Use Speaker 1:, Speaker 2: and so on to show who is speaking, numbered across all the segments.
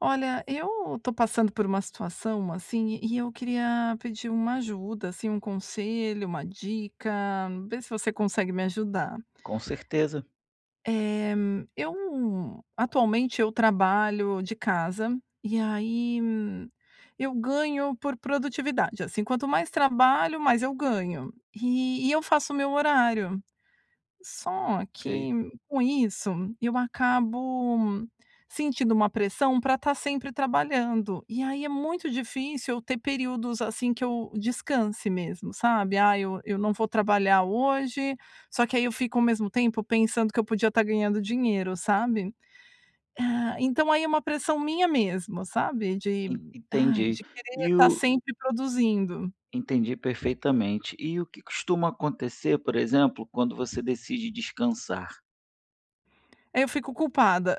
Speaker 1: Olha, eu tô passando por uma situação assim, e e eu queria pedir uma ajuda, assim, um conselho, uma dica, vê se você consegue me ajudar.
Speaker 2: Com certeza.
Speaker 1: Eh, eu, atualmente eu trabalho de casa, e aí, eu ganho por produtividade, assim, quanto mais trabalho mais eu ganho. E e eu faço o meu horário. Só
Speaker 2: Ok.
Speaker 1: que com isso, eu acabo sentindo uma pressão, pra tá sempre trabalhando, e aí é muito difícil eu ter períodos, assim, que eu descanse mesmo sabe. "Ai, eu eu não vou trabalhar hoje", só que aí eu fico ao mesmo tempo pensando, que eu podia tá ganhando dinheiro sabe? Ah, então aí é uma pressão minha mesmo, sabe, de,
Speaker 2: En
Speaker 1: ai,
Speaker 2: entendi.
Speaker 1: de querer
Speaker 2: E
Speaker 1: tá
Speaker 2: o
Speaker 1: sempre produzindo.
Speaker 2: entendi perfeitamente. E o que costuma acontecer, por exemplo, quando você decide descansar?
Speaker 1: Aí eu fico culpada.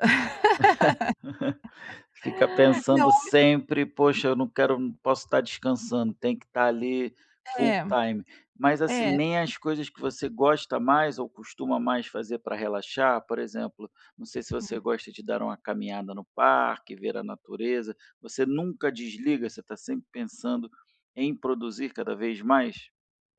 Speaker 2: Fica
Speaker 1: Não
Speaker 2: pensando
Speaker 1: é?
Speaker 2: sempre, "Poxa, eu não quero, eu não posso tá descansando, tem que tá ali, full
Speaker 1: É.
Speaker 2: time". Mas, assim,
Speaker 1: É.
Speaker 2: nem as coisas que você gosta mais, ou costuma mais fazer pra relaxar, por exemplo, não sei se você
Speaker 1: Hum.
Speaker 2: gosta de dar uma caminhada no parque, ver a natureza, você nunca desliga? Você tá sempre pensando em produzir cada vez mais?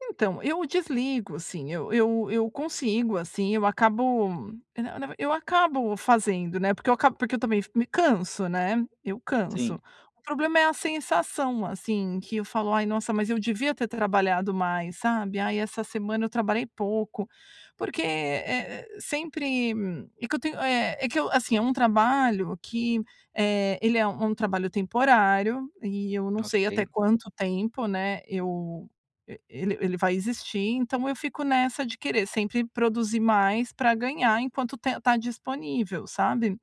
Speaker 1: Então, eu desligo, sim, eu eu eu consigo, assim, eu acabo, é, na na v eu acabo fazendo, né, porque eu acabo porque eu também f me canso, né, eu canso.
Speaker 2: Sim.
Speaker 1: O problema é a sensação, assim, que eu falo: "Ai, nossa, mas eu devia ter trabalhado mais." Sabe? "Ai, essa semana eu trabalhei pouco." Porque, eh eh, sempre, e que eu tenho eh, é que eu Assim é um trabalho que, eh, ele é u um trabalho temporário e eu não sei até
Speaker 2: Ok.
Speaker 1: quanto tempo, né, eu, e ele ele vai existir, então, eu fico nessa de querer sempre produzir mais para ganhar enquanto tem tá disponível, sabe?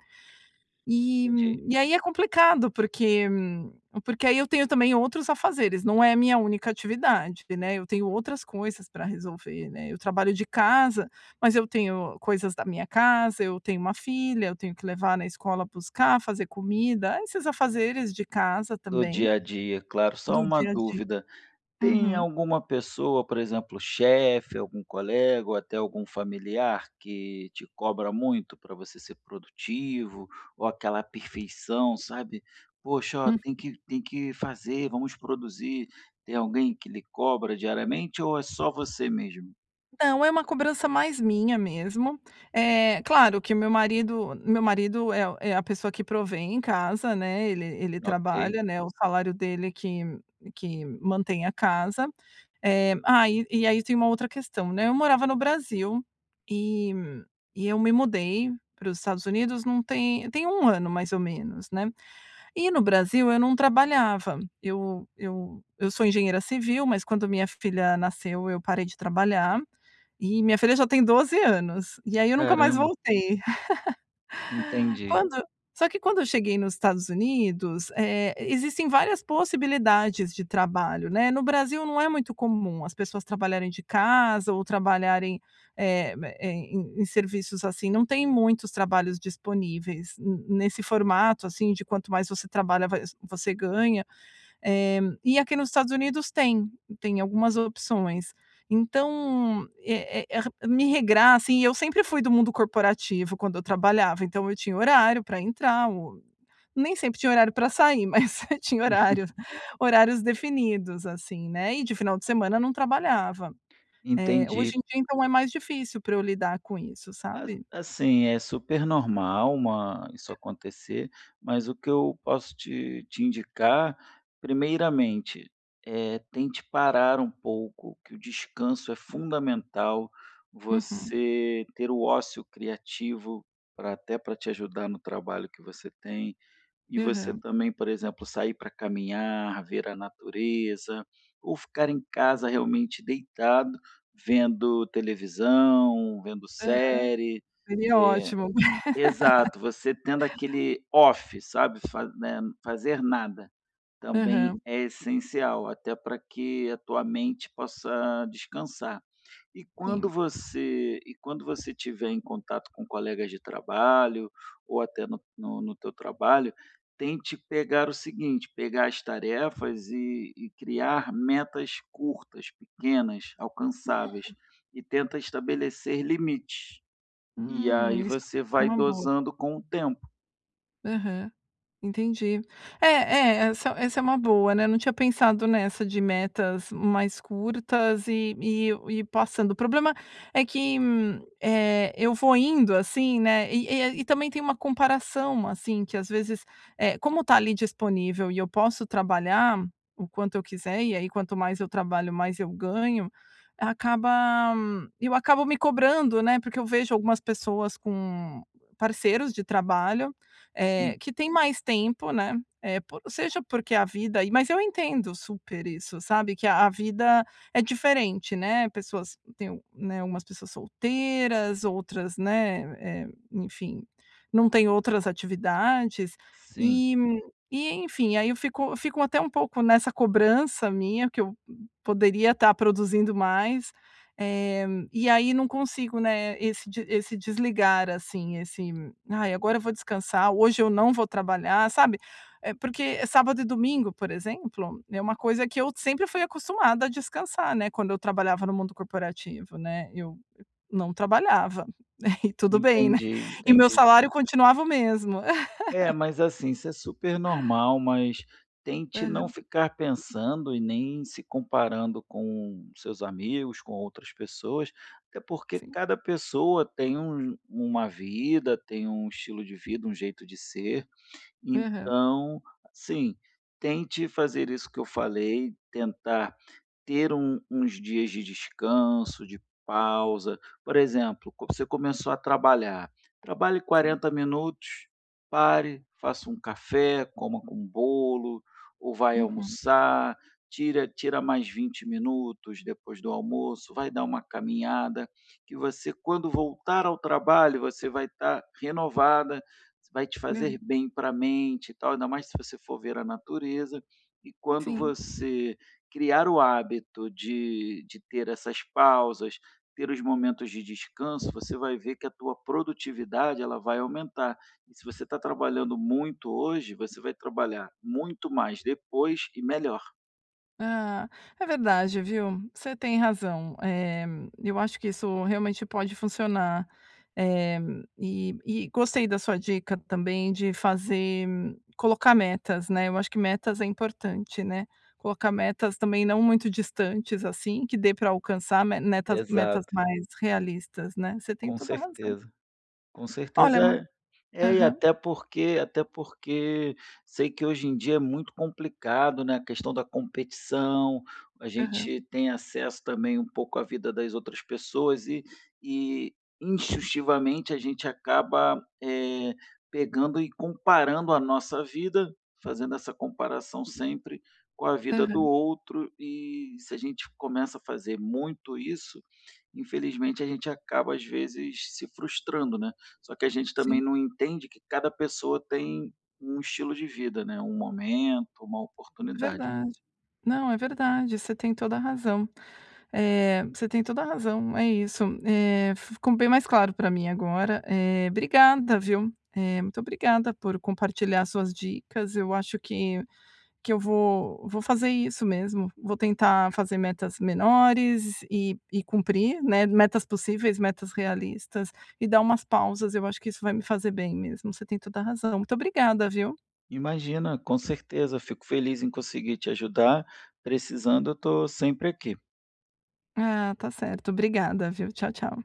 Speaker 1: E
Speaker 2: Entendi.
Speaker 1: e aí é complicado, porque, hum, porque aí eu tenho também outros afazeres, não é minha única atividade, né, eu tenho outras coisas pra resolver, né, eu trabalho de casa, mas eu tenho coisas da minha casa, eu tenho 1 filha, eu tenho que levar na escola, buscar, fazer comida, esses afazeres de casa,
Speaker 2: Do
Speaker 1: também,
Speaker 2: dia a dia, claro. Só
Speaker 1: do
Speaker 2: uma
Speaker 1: dia a dia.
Speaker 2: dúvida: tem
Speaker 1: Uhum.
Speaker 2: alguma pessoa, por exemplo, chefe, algum colega, ou até algum familiar que te cobra muito pra você ser produtivo? Ou aquela perfeição, sabe? "Poxa, ó,
Speaker 1: Uhum.
Speaker 2: tem que tem que fazer, vamos produzir." Tem alguém que lhe cobra diariamente ou é só você mesmo?
Speaker 1: Não, é uma cobrança mais minha mesmo. Eh, claro que meu marido meu marido é a é a pessoa que provê em casa, né, ele ele
Speaker 2: Ok.
Speaker 1: trabalha, né, o salário dele é que que mantém a casa. Eh, ai, e aí eu tenho uma outra questão, né: eu morava no Brasil e e eu me mudei para os Estados Unidos não tem tem 1 ano, mais ou menos, né? E no Brasil eu não trabalhava, eu eu eu sou engenheira civil, mas quando minha filha nasceu eu parei de trabalhar e minha filha já tem 12 anos e aí eu nunca mais
Speaker 2: Caramba.
Speaker 1: voltei.
Speaker 2: Entendi.
Speaker 1: Quando só que quando eu cheguei nos Estados Unidos, eh, existem várias possibilidades de trabalho, né? No Brasil não é muito comum as pessoas trabalharem de casa ou trabalharem, eh, ma em em em serviços assim, não tem muitos trabalhos disponíveis n nesse formato, assim, de quanto mais você trabalha, va você ganha. Eh, e aqui nos Estados Unidos tem, tem algumas opções. Então, eh eh ra me regrar, assim, e eu sempre fui do mundo corporativo quando eu trabalhava, então, eu tinha horário pra entrar ou nem sempre tinha horário pra sair, mas você tinha horário, horários definidos, assim, né? E de final de semana não trabalhava. Eh, hoje
Speaker 2: Entendi.
Speaker 1: em dia, então, é mais difícil pra eu lidar com isso,
Speaker 2: A
Speaker 1: sabe?
Speaker 2: assim, é super normal, uma isso
Speaker 1: [unintelligible]
Speaker 2: acontecer, mas o que eu posso te te indicar, primeiramente: eh, tente parar um pouco, que o descanso é fundamental,
Speaker 1: Uhum.
Speaker 2: você ter o ócio criativo pra até pra te ajudar no trabalho que você tem e você
Speaker 1: Aham.
Speaker 2: também, por exemplo, sair pra caminhar, ver a natureza ou ficar em casa, realmente, deitado, vendo televisão, vendo
Speaker 1: Aham.
Speaker 2: série,
Speaker 1: Seria
Speaker 2: eh
Speaker 1: ótimo.
Speaker 2: Exato, você tendo aquele off, sabe? Fa né, fazer nada, também
Speaker 1: Aham.
Speaker 2: é essencial até pra que a tua mente possa descansar. E quando
Speaker 1: Sim.
Speaker 2: você e quando você estiver em contato com colegas de trabalho ou até no no teu trabalho, tente pegar o seguinte: pegar as tarefas e e criar metas curtas, pequenas, alcançáveis
Speaker 1: Hum.
Speaker 2: e tenta estabelecer limites. E aí
Speaker 1: Hum, isso [unintelligible]
Speaker 2: você
Speaker 1: isso é
Speaker 2: vai
Speaker 1: uma boa.
Speaker 2: dosando com o tempo.
Speaker 1: Aham. Entendi. É é, essa essa é uma boa, né, não tinha pensado nessa de metas mais curtas. E e eu ir passando, o problema é que, eh, eu vou indo assim, né, e e aí e também tem uma comparação, assim, que às vezes, eh, como está ali disponível e eu posso trabalhar o quanto eu quiser, e aí quanto mais eu trabalho, mais eu ganho, acaba eu acabo me cobrando, né, porque eu vejo algumas pessoas com parceiros de trabalho, eh,
Speaker 2: Sim.
Speaker 1: que têm mais tempo, né? Eh, por seja porque a vida e mas eu entendo super isso, sabe, que a a vida é diferente, né, pessoas têm o né, algumas pessoas solteiras outras, né, eh, enfim, não têm outras atividades.
Speaker 2: Sim.
Speaker 1: E, e enfim aí eu fico fico até pouco nessa cobrança minha que eu, hu poderia estar produzindo mais, eh, e aí não consigo, né, esse de esse desligar, assim, esse "Ai, agora eu vou descansar. Hoje eu não vou trabalhar." Sabe? É porque sábado e domingo, por exemplo, é uma coisa que eu sempre fui acostumada a descansar, né, quando eu trabalhava no mundo corporativo, né, eu não trabalhava aí tudo bem, né?
Speaker 2: Entendi,
Speaker 1: E o meu
Speaker 2: entendi.
Speaker 1: salário continuava o mesmo.
Speaker 2: É, mas assim, isso é super normal, mas tente não
Speaker 1: Aham.
Speaker 2: ficar pensando e nem se comparando com os seus amigos, com outras pessoas, até porque
Speaker 1: Sim.
Speaker 2: cada pessoa tem um uma vida, tem um estilo de vida, um jeito de ser.
Speaker 1: Aham.
Speaker 2: Então, sim, tente fazer isso que eu falei, tentar ter um uns dias de descanso, de pausa. Por exemplo: co você começou a trabalhar, trabalhe
Speaker 1: Sim.
Speaker 2: 40 minutos, pare, faça um café, coma com bolo ou vai
Speaker 1: Uhum.
Speaker 2: almoçar, tira tira mais 20 minutos depois do almoço, vai dar uma caminhada. Que você, quando voltar ao trabalho, você vai estar renovada, isso vai te fazer
Speaker 1: [unintelligible]
Speaker 2: bem pra mente e tal, ainda mais se você for ver a natureza. E quando
Speaker 1: Sim.
Speaker 2: você criar o hábito de de ter essas pausas, ter os momentos de descanso, você vai ver que a tua produtividade, ela vai aumentar. E se você está trabalhando muito hoje, você vai trabalhar muito mais depois e melhor.
Speaker 1: Ah, é verdade viu, você tem razão. Eh, eu acho que isso realmente pode funcionar. Eh, e e gostei da sua dica também de fazer, colocar metas, né, eu acho que metas é importante, né. Colocar metas, também, não muito distantes, assim, que dê pra alcançar me netas metas
Speaker 2: Exato.
Speaker 1: mais realistas, né? Você tem
Speaker 2: Com
Speaker 1: toda a razão.
Speaker 2: certeza, com
Speaker 1: Olha, mas
Speaker 2: certeza. É, e
Speaker 1: Aham.
Speaker 2: até porque até porque sei que hoje em dia é muito complicado, né, a questão da competição, a
Speaker 1: Aham.
Speaker 2: gente tem acesso também um pouco à vida das outras pessoas e e, instintivamente, a gente acaba, eh, pegando e comparando a nossa vida, fazendo essa comparação sempre com a vida do
Speaker 1: Aham.
Speaker 2: outro, e se a gente começa a fazer muito isso, infelizmente a gente acaba às vezes se frustrando, né? Só que a gente também
Speaker 1: Sim.
Speaker 2: não entende que cada pessoa tem um estilo de vida, né, um momento, uma oportunidade.
Speaker 1: Verdade. Não, é verdade, você tem toda a razão. Eh, você tem toda a razão. É isso. Eh, ficou bem mais claro pra mim agora, eh, obrigada, viu? Eh, muito obrigada por compartilhar as suas dicas, eu acho que que eu vou, vou fazer isso mesmo, vou tentar fazer metas menores e e cumprir, né, metas possíveis, metas realistas e dar umas pausas, eu acho que isso vai me fazer bem mesmo, você tem toda a razão. Muito obrigada, viu?
Speaker 2: Imagina, com certeza, fico feliz em conseguir te ajudar. Precisando eu estou sempre aqui.
Speaker 1: Ah, tá certo. Obrigada, viu? Tchau, tchau.